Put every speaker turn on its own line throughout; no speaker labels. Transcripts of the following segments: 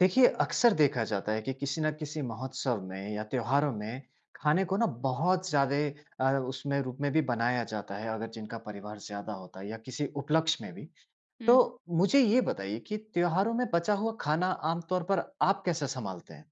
देखिए, अक्सर देखा जाता है कि किसी न किसी महोत्सव में या त्योहारों में खाने को ना बहुत ज्यादे अ, उसमें रूप में भी बनाया जाता है अगर जिनका परिवार ज़्यादा होता है या किसी उपलक्ष्य में भी। तो
हुँ।
मुझे ये बताइए कि त्योहारों में बचा हुआ खाना आम तौर पर आप कैसे संभालते हैं?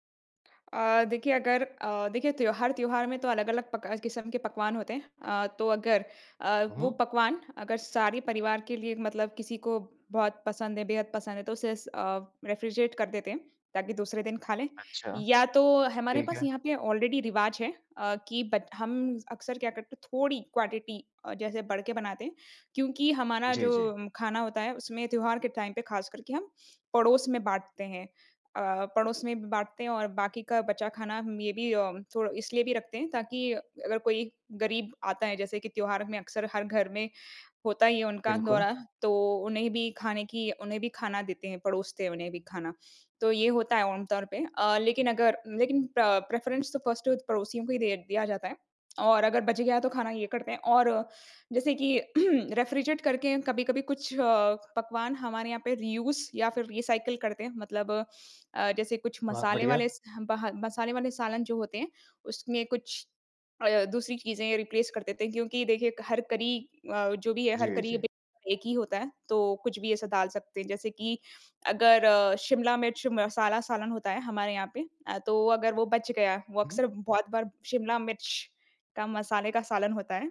अ, देखिए अगर अ, देखिए त्योहार, त्योहार में तो अलग-अलग पका किस्म के पकवान होते हैं। अ, तो अगर अ,
हुँ,
वो
हुँ।
पकवान अगर सारे परिवार के लिए मतलब किसी को बहुत पसंद है, बेहद पसंद है तो उसे स अ, रेफ्रिजरेट कर देते हैं ताकि दूसरे दिन खा लें।
अच्छा।
या तो हमारे
ठीक
पास
है।
यहाँ पे ऑलरेडी रिवाज है अ, कि बत हम अक्सर क्या करते हैं थोड़ी क्वांटिटी अ, जैसे बढ़ के बनाते हैं। क्योंकि हमारा
जी,
जो
जी।
खाना होता है उसमें त्योहार के टाइम पे खास करके हम पड़ोस में बाँटते हैं। अ, पड़ोस में बाँटते हैं और बाकी का बचा खाना मे बी अ, उम, थोड़ा इसलिए भी रखते हैं ताकि अगर कोई गरीब आता है जैसे कि त्योहार में अक्सर हर घर में होता ही है उनका
बिल्कुल।
दौरा, तो उन्हें भी खाने की उन्हें भी खाना देते हैं। परोसते हैं उन्हें भी खाना। तो ये होता है आम तौर पे अ, लेकिन अगर लेकिन प्र प्रेफरेंस तो फर्स्ट पड़ोसियों को ही दिय दिया जाता है। और अगर बच गया तो खाना ये करते हैं और जैसे कि रेफ्रिजरेट करके कभी-कभी कुछ अ, पकवान हमारे यहाँ पे रीयूज़ या फ़िर रीसाइकल करते हैं। मतलब अ, जैसे कुछ
बहुत
मसाले
बढ़िया।
वाले स बह मसाले वाले सालन जो होते हैं उसमें कुछ अ, दूसरी चीज़ें रिप्लेस कर देते हैं। क्योंकि देखिए क हर करी अ, जो भी है हर
जी,
करी
जी।
बीत एक ही होता है तो कुछ भी ऐसा डाल सकते हैं। जैसे कि अगर अ, शिमला मिर्च मसाला सालन होता है हमारे यहाँ पे अ, तो अगर वो बच गया वो
हुँ।
अक्सर बहुत बार शिमला मिर्च का मसाले का सालन होता है।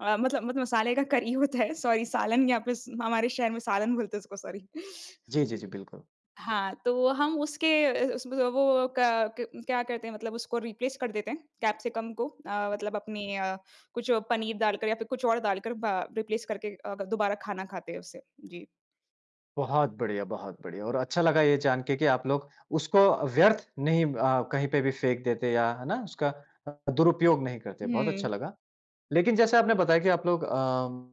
अ, मतलब मतलब मसाले का करी होता है सॉरी सालन यहाँ पे हमारे शहर में सालन बोलते हैं उसको सॉरी।
जी, जी, जी, बिल्कुल।
हाँ, तो हम उसके इस उस व वो क क्या करते हैं मतलब उसको रिप्लेस कर देते हैं कैप्सिकम को। अ, मतलब अपनी अ, कुछ पनीर डालकर या फ़िर कुछ और डालकर बा रिप्लेस करके अ, दोबारा खाना खाते हैं उससे। जी।
बहुत बढ़िया, बहुत बढ़िया। और अच्छा लगा ये जान के कि आप लोग उसको व्यर्थ नहीं अ, कहीं पे भी फेंक देते या है ना? उसका अ अ, दुरुपयोग नहीं करते। बहुत अच्छा
हुँ।
लगा। लेकिन जैसे आपने बताया कि आप लोग अ, उम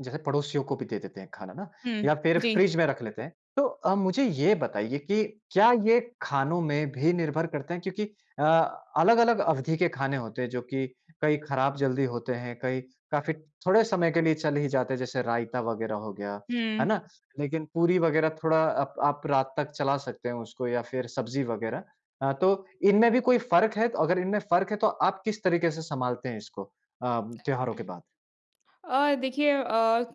जैसे पड़ोसियों को भी दे देते हैं खाना ना
हुँ,
या फिर
जी।
फ़्रिज में रख लेते हैं। तो अ, मुझे ये बताइए कि क्या ये खानों में भी निर्भर करते हैं क्योंकि अ, अलग-अलग अवधि के खाने होते हैं जो कि कई खराब जल्दी होते हैं, कई काफ़ी थोड़े समय के लिए चल ही जाते हैं, जैसे रायता वग़ैरह हो गया। है
हुँ।
ना? लेकिन पूरी वग़ैरह थोड़ा अप आप रात तक चला सकते हैं उसको या फिर सब्ज़ी वग़ैरह। अ, तो इनमें भी कोई फ़र्क है? अगर इनमें फ़र्क है तो आप किस तरीके से सँभालते हैं इसको? अ, त्योहारों के बाद?
अ, देखिए अ,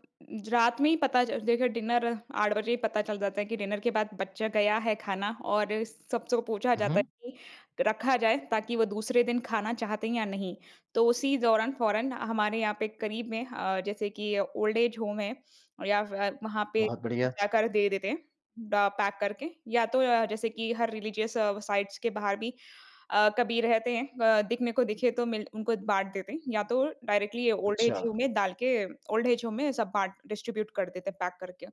रात में ही पता चल ज देखिए डिनर 8 बजे ही पता चल जाता है कि डिनर के बाद बच गया है खाना और सबसे पूछा
हुँ,
जाता है
हुँ।
कि रखा जाए ताकि वो दूसरे दिन खाना चाहते हैं या नहीं। तो उसी दौरान फ़ौरन हमारे यहाँ पे करीब में अ, जैसे कि ओल्ड-एज होम है या फिर वहाँ पे
बहुत बढ़िया।
जाकर दे देते हैं। ड पैक करके या तो अ, जैसे कि हर रिलीजियस साइट्स के बाहर भी अ, कभी रहते हैं अ, दिखने को दिखें तो मिल उनको बाँट देते हैं। या तो डायरेक्टली ओल्ड-एज होम
अच्छा।
में डाल के ओल्ड-एज होम में सब बाँट डिस्ट्रीब्यूट कर देते हैं पैक करके।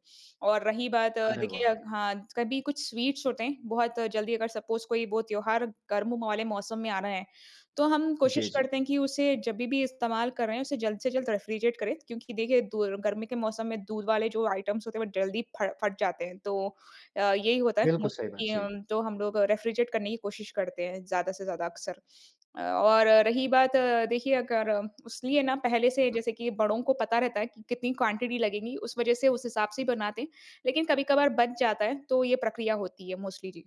और रही बात
अरे,
देखिए
वाह!
हाँ, कभी कुछ स्वीट्स होते हैं बहुत जल्दी अगर सपोज़ कोई वो त्योहार गर्म वाले मौसम में आ रहा है तो हम कोशिश
जी, जी
करते हैं कि उसे जभी भी इस्तेमाल कर रहे हैं उसे जल्द से जल्द रेफ़्रिजरेट करें। क्योंकि देखिए दूर गर्मी के मौसम में दूध वाले जो आइटम्स होते हैं वह जल्दी फ फट जाते हैं। तो अ, यही होता है
बिल्कुल, सही बात।
मोस्टली
जी।
जो हम लोग रेफ़्रिजरेट करने की कोशिश करते हैं ज़्यादा से ज़्यादा अक्सर। अ, और रही बात देखिए अगर उस लिए ना पहले से
उम
जैसे कि बड़ों को पता रहता है कि कितनी क्वांटिटी लगेगी उस वजह से उस हिसाब से ही बनाते हैं। लेकिन कभी-कभार बच जाता है तो ये प्रक्रिया होती है मोस्टली जी।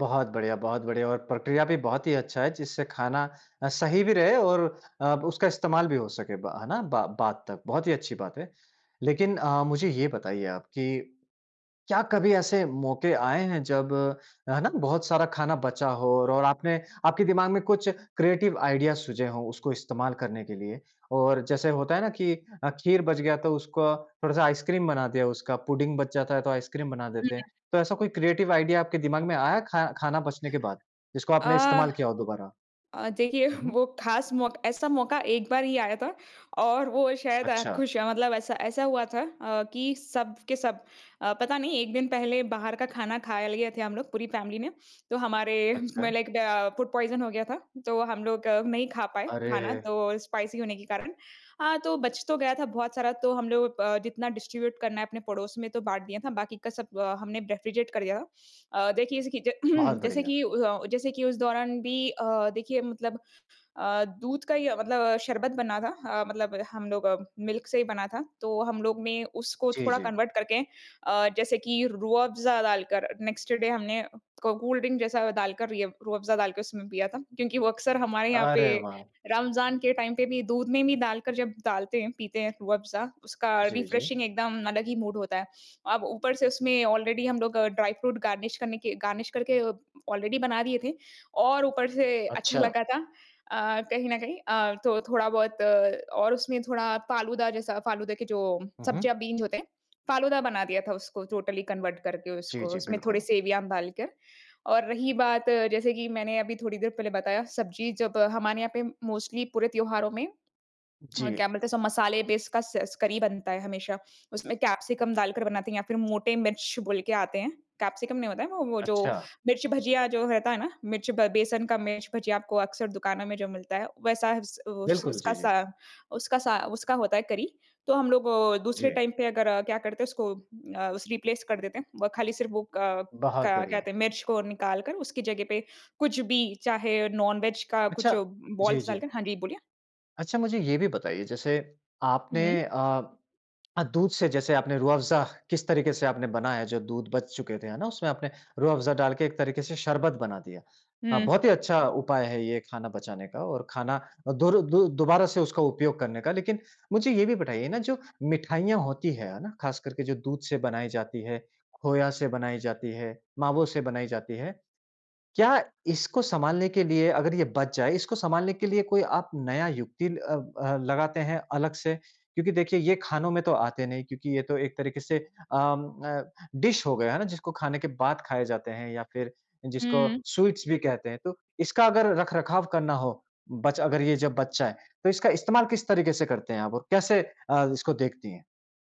बहुत बढ़िया बहुत बढ़िया और प्रक्रिया भी बहुत ही अच्छा है जिससे खाना अ, सही भी रहे और अब उसका इस्तेमाल भी हो सके ब है ना, बा बाद तक। बहुत ही अच्छी बात है। लेकिन अ, मुझे ये बताइए आप कि क्या कभी ऐसे मौके आए हैं जब, है ना? बहुत सारा खाना बचा हो और आपने आपके दिमाग में कुछ क्रिएटिव आइडिया सुझे हो उसको इस्तेमाल करने के लिए? और जैसे होता है ना, कि अ, खीर बच गया तो उसको थोड़ा-सा आइसक्रीम बना दिया उसका पुडिंग बच जाता है तो आइसक्रीम बना
हुँ।
देते
हुँ।
हैं। तो ऐसा कोई क्रिएटिव आइडिया आपके दिमाग में आया खा खाना बचने के बाद जिसको आपने
आह।
इस्तेमाल किया हो दोबारा?
अ, देखिए
हुँ, हुँ।
वो ख़ास मौका ऐसा मौका एक बार ही आया था। और वो शायद अ,
अच्छा।
खुश मतलब ऐसा ऐसा हुआ था अ, कि सब के सब अ, पता नहीं 1 दिन पहले बाहर का खाना खा लिए थे हम लोग पूरी फैमिली ने। तो हमारे म
अच्छा।
लाइक द फूड पॉइज़न हो गया था। तो हम लोग नहीं खा पाए खाना
अरे!
तो स्पाइसी होने के कारण। हाँ, तो बच तो गया था बहुत सारा तो हम लोग अ, जितना डिस्ट्रीब्यूट करना है अपने पड़ोस में तो बाँट दिया था बाकी का सब अ, हमने रेफ़्रिजरेट कर दिया था। अ, देखिए जैसे कि
बहुत
जैसे
बढ़िया।
कि अ, जैसे कि उस दौरान भी अ, देखिए मतलब अ, दूध का ही मतलब शरबत बना था अ, मतलब हम लोग मिल्क से ही बना था। तो हम लोग ने उसको
जी,
थोड़ा
जी।
कन्वर्ट करके अ, जैसे कि रूह अफ़ज़ा डालकर नेक्स्ट डे हमने को कोल्ड ड्रिंक जैसा डाल कर रूह अफ़ज़ा डाल के उसमें पिया था। क्योंकि वो अक्सर हमारे यहाँ पे
अरे वाह।
रमज़ान के टाइम पे भी दूध में भी डालकर जब डालते हैं पीते हैं रूह अफ़ज़ा उसका अरबी
जी, जी।
फ्रेशिंग एकदम अलग ही मूड होता है। अब ऊपर से उसमें ऑलरेडी हम लोग ड्राई फ्रूट गार्निश करने के गार्निश करके ऑलरेडी बना दिए थे। और ऊपर से अच्छा
अच्छा।
लगा था अ, कहीं न कहीं। अ, तो थोड़ा-बहुत और उसमें थोड़ा फ़ालूदा जैसा फ़ालूदा के जो
हुँ, हुँ।
सब्जियाँ बीन्स होते हैं फ़ालूदा बना दिया था उसको टोटली कन्वर्ट करके
जी,
उसको
जी।
उसमें थोड़े
बिल्कुल।
सेवइयाँ डाल कर। और रही बात जैसे कि मैंने अभी थोड़ी देर पहले बताया सब्ज़ी जब हमारे यहाँ पे मोस्टली पूरे त्योहारों में अ, क्या
जी।
बोलते हैं मसाले बेसकस करी बनता है हमेशा। उसमें कैप्सिकम डालकर बनाते हैं या फिर मोटे मिर्च बोल के आते हैं। कैप्सिकम नहीं होता है वो वो जो
अच्छा।
मिर्च भजिया जो रहता है ना, मिर्च बे बेसन का मिर्च भजिया आपको अक्सर दुकानों में जो मिलता है वैसा उस
बिल्कुल।
उसका
जी,
सा
जी।
उसका सा उसका होता है करी। तो हम लोग वो दूसरे
जी।
टाइम पे अगर क्या करते हैं उसको अ, रिप्लेस कर देते हैं। वो खाली सिर्फ़ वो क
बहुत
क्या
बढ़िया।
कहते हैं मिर्च को निकाल कर उसकी जगह पे कुछ भी चाहे नॉन-वेज का कुछ
अच्छा। जी,
बोल्स
जी।
डालकर हाँ, जी बोलिए।
अच्छा मुझे ये भी बताइए जैसे आपने
हुँ।
अ अ, दूध से जैसे आपने रूह अफ़ज़ा किस तरीके से आपने बनाया है जो दूध बच चुके थे है ना, उसमें आपने रूह अफ़ज़ा डालके एक तरीके से शरबत बना दिया। हाँ,
हुँ।
बहुत ही अच्छा उपाय है ये खाना बचाने का और खाना अ, दुर दु दोबारा से उसका उपयोग करने का। लेकिन मुझे ये भी बताइए ना जो मिठाइयाँ होती हैं। है ना? ख़ास करके जो दूध से बनाई जाती है, खोया से बनाई जाती है, मावो से बनाई जाती है। क्या इसको संभालने के लिए अगर ये बच जाएँ इसको संभालने के लिए कोई आप नया युक्ति अ अ, लगाते हैं अलग से? क्योंकि देखिए ये खानों में तो आते नहीं क्योंकि ये तो एक तरीके से अ, उम, अ, डिश हो गया है ना, जिसको खाने के बाद खाए जाते हैं या फिर जिसको
हुँ।
स्वीट्स भी कहते हैं। तो इसका अगर रख-रखाव करना हो बच अगर ये जब बच जाएँ, तो इसका इस्तेमाल किस तरीके से करते हैं आप? और कैसे अ, इसको देखती हैं?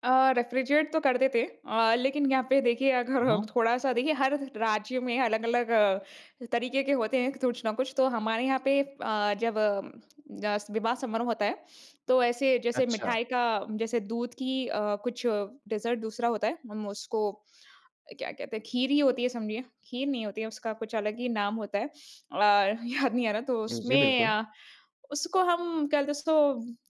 अ, रेफ़्रीजरेट तो करते थे। अ, लेकिन यहाँ पे देखिए
अ
अगर
हाँ।
थोड़ा-सा देखिए हर राज्य में अलग-अलग अ, तरीके के होते हैं कुछ न कुछ। तो हमारे यहाँ पे अ, जब अ, अस विवाह समारोह होता है तो ऐसे जैसे
अच्छा।
मिठाई का जैसे दूध की अ, कुछ डेज़र्ट दूसरा होता है। हम उसको अ, क्या कहते हैं, खीर ही होती है समझिए। खीर नहीं होती है, उसका कुछ अलग ही नाम होता है। अ, याद नहीं आ रहा। तो
जी, जी
उसमें
बिल्कुल।
अ, उसको हम क्या बोलते हैं उसको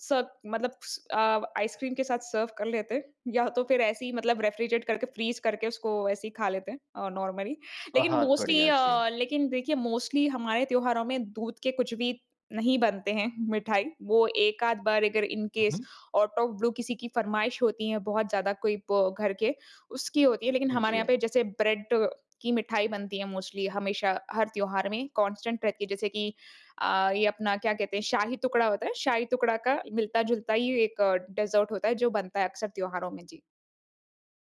सब मतलब स अ, आइसक्रीम के साथ सर्व कर लेते या तो फिर ऐसे ही मतलब रेफ़्रीजरेट करके, फ़्रीज़ करके उसको ऐसे ही खा लेते हैं, अ, नॉर्मली। लेकिन
बहुत
मोस्टली
बढ़िया। जी।
अ, लेकिन देखिए मोस्टली हमारे त्योहारों में दूध के कुछ भी नहीं बनते हैं मिठाई। वो एक-आध बार अगर इन
हुँ,
केस
हुँ।
आऊट ऑफ़ ब्लू किसी की फ़रमाइश होती है बहुत ज़्यादा कोई ब, घर के उसकी होती है। लेकिन हमारे यहाँ
जी।
पे जैसे ब्रेड की मिठाई बनती है मोस्टली हमेशा हर त्योहार में कांस्टेंट रहती है। जैसे कि अ, ये अपना क्या कहते हैं शाही-टुकड़ा होता है। शाही-टुकड़ा का मिलता-जुलता ही एक डेज़र्ट होता है जो बनता है अक्सर त्योहारों में। जी।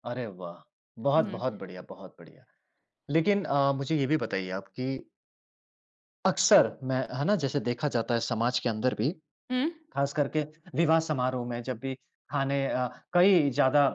अरे वाह! बहुत
हुँ।
बहुत बढ़िया, बहुत बढ़िया। लेकिन अ, मुझे ये भी बताइए आप कि अक्सर, मैं है ना? जैसे देखा जाता है समाज के अंदर भी
हुँ।
ख़ास करके विवाह-समारोह में जब भी खाने अ, कई ज़्यादा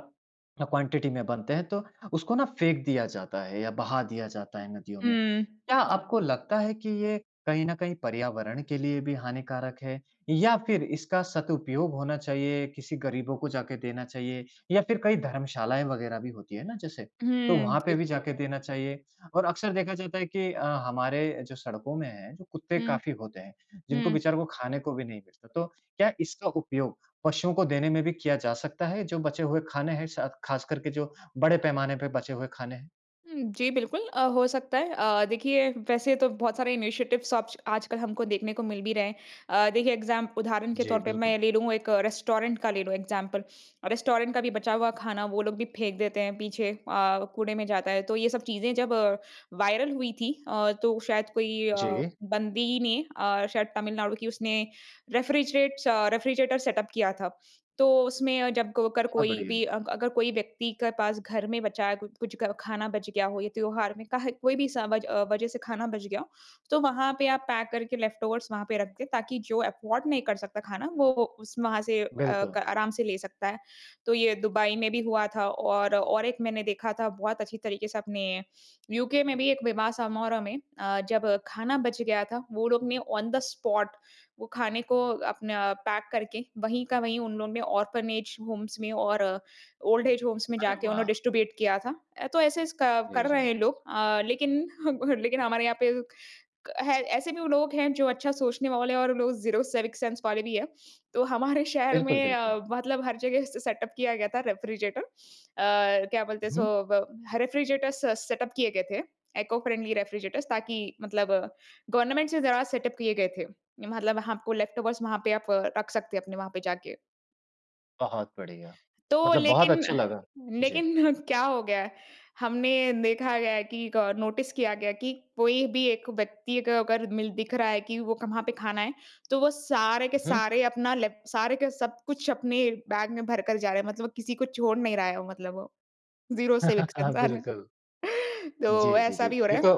क्वांटिटी में बनते हैं, तो उसको ना फेंक दिया जाता है या बहा दिया जाता है नदियों में।
हुँ।
क्या आपको लगता है कि ये कहीं न कहीं पर्यावरण के लिए भी हानिकारक है? या फिर इसका सदुपयोग होना चाहिए, किसी गरीबों को जा के देना चाहिए या फिर कई धर्मशालाएँ वगैरह भी होती हैं ना जैसे, तो
हुँ,
वहाँ पे
जी।
भी जाके देना चाहिए? और अक्सर देखा जाता है कि अ, हमारे जो सड़कों में हैं, जो कुत्ते
हुँ।
काफ़ी होते हैं, जिनको
हुँ।
बेचारों को खाने को भी नहीं मिलता, तो क्या इसका उपयोग पशुओं को देने में भी किया जा सकता है, जो बचे हुए खाने हैं स खासकर के जो बड़े पैमाने पे बचे हुए खाने हैं?
हुँ। जी, बिल्कुल अ, हो सकता है। अ, देखिए वैसे तो बहुत सारे इनिशिएटिव्स सब्ष्क आजकल हमको देखने को मिल भी रहे हैं। अ, देखिए एग्ज़ाम उदाहरण के
जी,
तौर पर
बिल्कुल।
मैं ले लूँ एक रेस्टोरेंट का ले लूँ इग्ज़ैम्पल। रेस्टोरेंट का भी बचा हुआ खाना वो लोग भी फेंक देते हैं पीछे अ, कूड़े में जाता है। तो ये सब चीज़ें जब वायरल हुई थी अ, तो शायद कोई अ,
जी।
बंदी ने अ, शायद तमिलनाडु की उसने रेफ़्रिज़रेट अ, रेफ़्रिज़रेटर सेटअप किया था। तो उसमें जब क अगर
बहुत
कोई भी
बढ़िया।
अग अगर कोई व्यक्ति के पास घर में बचा है, कुछ-कुछ ग खाना बच गया हो या त्योहार में का है कोई भी समज अ, वज़ह से खाना बच गया हो, तो वहाँ पे आप पैक करके लेफ़्टओवर्स वहाँ पे रख दें ताकि जो अफ़ॉर्ड नहीं कर सकता खाना, वो-वो उस वहाँ से अ,
बिल्कुल।
क आराम से ले सकता है। तो ये दुबई में भी हुआ था और और एक मैंने देखा था बहुत अच्छी तरीके से अपने यूके में भी एक विवाह समारोह में अ, जब खाना बच गया था, वो लोग ने ऑन द स्पॉट वो खाने को अपना पैक करके वहीं का वहीं उन लोगों ने ऑर्फ़नेज होम्स में और ओल्ड एज होम्स में
अरे
जाके उन्हें
वाह!
डिस्ट्रिब्यूट किया था। अ, तो ऐसे-ऐसे क
जी,
कर रहे
जी।
हैं लोग। अ, लेकिन हम हर लेकिन हमारे यहाँ पे क है ऐसे भी लोग हैं जो अच्छा सोचने वाले हैं और लोग 0 सिविक सेंस वाले भी हैं। तो हमारे शहर
बिल्कुल,
में
बिल्कुल।
अ, मतलब हर जगह से सेटअप किया गया था रेफ़्रिज़रेटर। अ, क्या बोलते हैं
हुँ।
इसको? ब ह रेफ़्रिज़रेटर। स सेटअप किए गए थे, इको-फ्रेंडली रेफ़्रिज़रेटरस ताकि मतलब गवर्नमेंट से ज़रा सेटअप किए गए थे। मतलब आपको लेफ़्टओवर्स वहाँ पे आप रख सकते हैं अपने वहाँ पे जाके।
बहुत बढ़िया।
तो
मतलब बहुत
लेकिन अ,
अच्छा लगा। जी।
लेकिन क्या हो गया है? हमने देखा गया है कि क नोटिस किया गया है कि, कोई भी एक व्यक्ति को अगर मिल दिख रहा है कि वो कहाँ पे खाना है। तो वो सारे के
उहुँ।
सारे अपना लेप सारे के सब कुछ अपने बैग में भर कर जा रहे हैं। मतलब वो किसी को छोड़ नहीं रहा है वो मतलब वो ज़ीरो सिविक
हाँ
सेंस आ रहा
बिल्कुल।
है,
जी,
तो
जी, जी,
ऐसा भी हो
ये
रहा
तो
है।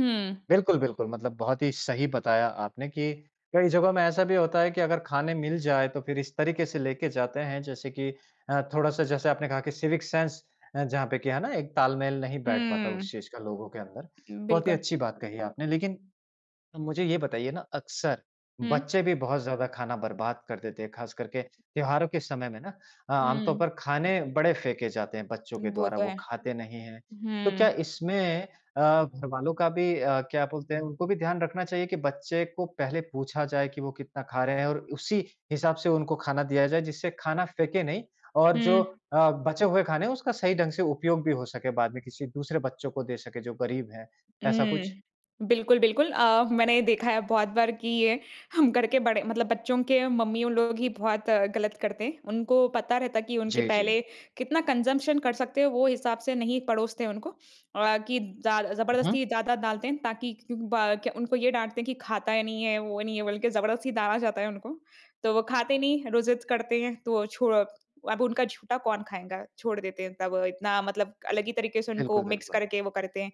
हुँ।
बिल्कुल-बिल्कुल मतलब बहुत ही सही बताया आपने कि, कई जगहों में ऐसा भी होता है कि अगर खाने मिल जाए तो फिर इस तरीके से लेके जाते हैं जैसे कि अ, थोड़ा-सा जैसे आपने कहा कि सिविक सेंस अ, जहाँ पे की, है ना? एक तालमेल नहीं बैठ पाता
हुँ।
उस चीज़ का लोगों के अंदर।
उम,
बहुत ही
बिल्कुल।
अच्छी बात कही आपने। लेकिन, मुझे ये बताइए ना अक्सर
हुँ।
बच्चे भी बहुत ज़्यादा खाना बर्बाद कर देते हैं खास करके त्योहारों के समय में ना, आम तौर
हुँ।
पर खाने बड़े फेंके जाते हैं बच्चों के
वो
द्वारा
तो
वो
है।
खाते नहीं हैं। तो क्या
हुँ।
इसमें अ, घरवालों का भी अ, क्या बोलते हैं? उनको भी ध्यान रखना चाहिए कि बच्चे को पहले पूछा जाए कि वो कितना खा रहे हैं, और उसी हिसाब से उनको खाना दिया जाए जिससे खाना फेंके नहीं और जो
हुँ।
अ, बचे हुए खाने हैं उसका सही ढंग से उपयोग भी हो सके बाद में किसी दूसरे बच्चों को दे सके जो गरीब हैं, ऐसा कुछ?
हुँ। बिल्कुल-बिल्कुल अ, मैंने ये देखा है बहुत बार की ये हम घर के बड़े मतलब बच्चों के मम्मीयों लोग ही बहुत गलत करते हैं। उनको पता रहता है कि उनके
जी, जी।
पहले कितना कंज़म्पशन कर सकते हैं वो हिसाब से नहीं परोसते उनको अ, कि ज़्या
उहुँ।
ज़बरदस्ती ज़्यादा डालते हैं ताकि ब क उनको ये डांटते हैं कि खाता ही नहीं है वो नहीं है बल्कि ज़बरदस्ती डाला जाता है उनको। तो वो खाते नहीं रो ज़िद करते हैं तो अ, छोड़ अब उनका झूठा कौन खाएगा? छोड़ देते हैं तब इतना मतलब अलग ही तरीके से उनको मिक्स
बिल्कुल-बिल्कुल।
करके वो करते हैं।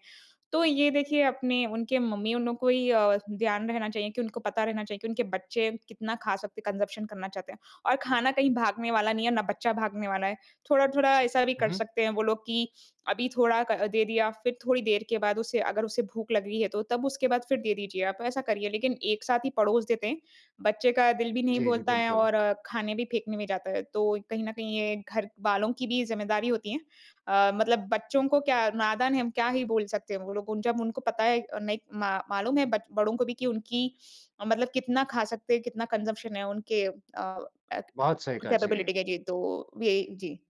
तो ये देखिए अपने उनके मम्मीयों नो को ही अ, ध्यान रहना चाहिए कि उनको पता रहना चाहिए कि उनके बच्चे कितना खा सकते हैं कंजम्पशन करना चाहते हैं। और खाना कहीं भागने वाला नहीं है, ना बच्चा भागने वाला है। थोड़ा-थोड़ा ऐसा भी
हुँ,
कर
हुँ।
सकते हैं वो लोग कि, अभी थोड़ा क दे दिया फिर थोड़ी देर के बाद उसे अगर उसे भूख लग रही है तो तब उसके बाद फिर दे दीजिए आप ऐसा करिए। लेकिन एक साथ ही पड़ोस देते हैं। बच्चे का दिल भी नहीं
जी, जी
बोलता है
बिल्कुल।
और खाने भी फेंकने में जाता है, तो कहीं न कहीं ये घरवालों की भी जिम्मेदारी होती है। अ, मतलब बच्चों को क्या नादान है हम क्या ही बोल सकते हैं? वो लोग जब उनको पता है अ, नहीं मा मालूम है बच बड़ों को भी कि उनकी मतलब कितना खा सकते हैं, कितना कंज़म्पशन है उनके अ,
बहुत सही कहा, जी।
कैपेबिलिटी के जी, तो यही, जी।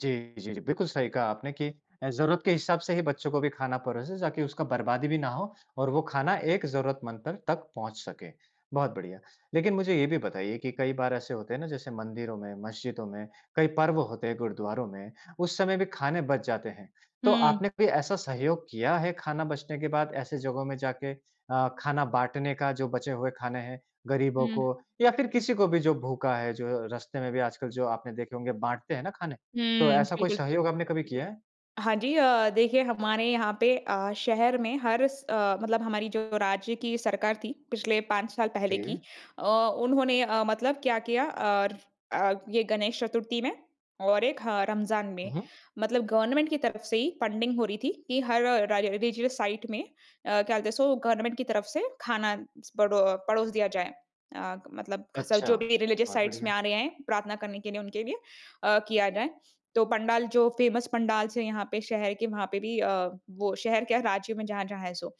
जी, जी, जी बिल्कुल सही कहा आपने कि अ, ज़रूरत के हिसाब से ही बच्चों को भी खाना परोसे ताकि उसका बर्बादी भी ना हो और वो खाना एक ज़रूरतमंद पर तक पहुँच सके। बहुत बढ़िया। लेकिन मुझे ये भी बताइए कि कई बार ऐसे होते हैं ना जैसे मंदिरों में, मस्जिदों में, कई पर्व होते हैं गुरुद्वारों में उस समय में भी खाने बच जाते हैं। तो
हुँ।
आपने कोई ऐसा सहयोग किया है खाना बचने के बाद ऐसे जगहों में जाके? अ, खाना बाँटने का जो बचे हुए खाने हैं, गरीबों
हुँ।
को या फिर किसी को भी जो भूखा है, जो रास्ते में भी आजकल जो आपने देखे होंगे बाँटते हैं ना खाने, तो
हुँ।
ऐसा कोई
बिल्कुल।
सहयोग आपने कभी किया है?
हाँ, जी। अ, देखिए हमारे यहाँ पे अ, शहर में हर स अ, मतलब हमारी जो राज्य की सरकार थी, पिछले पाँच साल पहले की,
जी।
अ, उन्होंने अ, मतलब क्या किया और अ, ये गणेश चतुर्थी में और एक ह रमज़ान में।
हुँ, हुँ।
मतलब गवर्नमेंट की तरफ से ही फंडिंग हो रही थी कि हर राइ राइ रिलिजियस साइट में अ, क्या बोलते हैं सो गवर्नमेंट की तरफ से खाना स बड़ो पड़ोस दिया जाए। अ, मतलब ख स
अच्छा।
जो भी रिलिजियस
बहुत
साइट में
बढ़िया।
आ रहे हैं प्रार्थना करने के लिए उनके लिए अ, किया जाए। तो पंडाल जो फेमस पंडाल्स है यहाँ पे शहर के वहाँ पे भी अ, वो शहर क्या राज्य में जहाँ जहाँ है सो।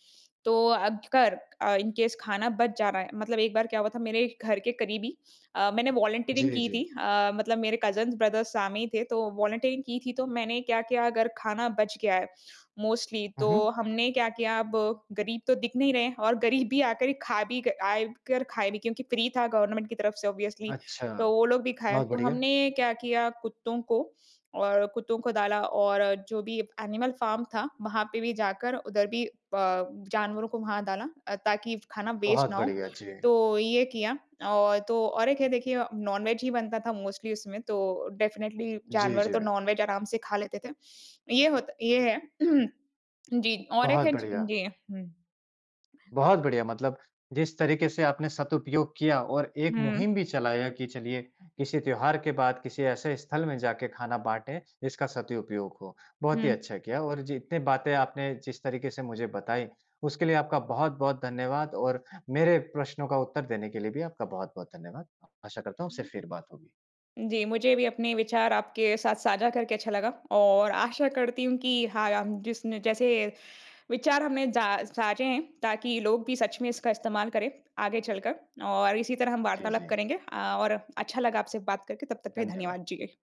तो अगर अ, इन केस खाना बच जा रहा है मतलब एक बार क्या हुआ था मेरे घर के करीबी अ, मैंने वॉलंटीरिंग
जी,
की थी।
जी।
अ, मतलब मेरे कजिन्स, ब्रदर सामने ही थे तो वॉलंटीरिंग की थी। तो मैंने क्या किया अगर खाना बच गया है मोस्टली
हुँ,
तो
हुँ।
हमने क्या किया अब गरीब तो दिख नहीं रहे हैं और गरीब ही आकर खा भी आए कर खाए भी क्योंकि फ्री था गवर्नमेंट की तरफ से ऑब्वियसली
अच्छा।
तो वो लोग भी खाए।
बहुत
तो
बढ़िया।
हमने क्या किया कुत्तों को और कुत्तों को डाला और जो भी एनिमल फार्म था वहाँ पे भी जाकर उधर भी प जानवरों को वहाँ डाला अ, ताकि खाना वेस्ट
बहुत
ना हो।
बढ़िया, जी।
तो ये किया। और तो और एक है देखिए नॉन-वेज ही बनता था मोस्टली उसमें तो डेफ़िनिट्ली
जी,
जानवर
जी,
तो
वि
नॉन-वेज आराम से खा लेते थे। ये होत ये है। जी, और एक
बहुत
है
बढ़िया।
जी, हुँ।
बहुत बढ़िया। मतलब जिस तरीके से आपने सदुपयोग किया और एक
हुँ।
मुहिम भी चलाया कि चलिए किसी त्यौहार के बाद किसी ऐसे स्थल में जाके खाना बाँटें जिसका सदुपयोग हो। बहुत ही
हुँ।
अच्छा किया। और जितनी बातें आपने जिस तरीके से मुझे बताई, उसके लिए आपका बहुत-बहुत धन्यवाद। और मेरे प्रश्नों का उत्तर देने के लिए भी आपका बहुत-बहुत धन्यवाद। आशा करता हूँ
उ
उससे
उ
फिर बात होगी।
जी, मुझे भी अपने विचार आपके साथ साझा करके अच्छा लगा। और आशा करती हूँ कि हाँ याम जिसने जैसे विचार हमने जा साझे हैं ताकि लोग भी सच में इसका इस्तेमाल करें, आगे चलकर और इसी तरह हम
जी,
वार्तालाप
जी।
करेंगे। अ, और अच्छा लगा आपसे बात करके। तब तक के लिए
धन्यवाद।
धन्यवाद। जी।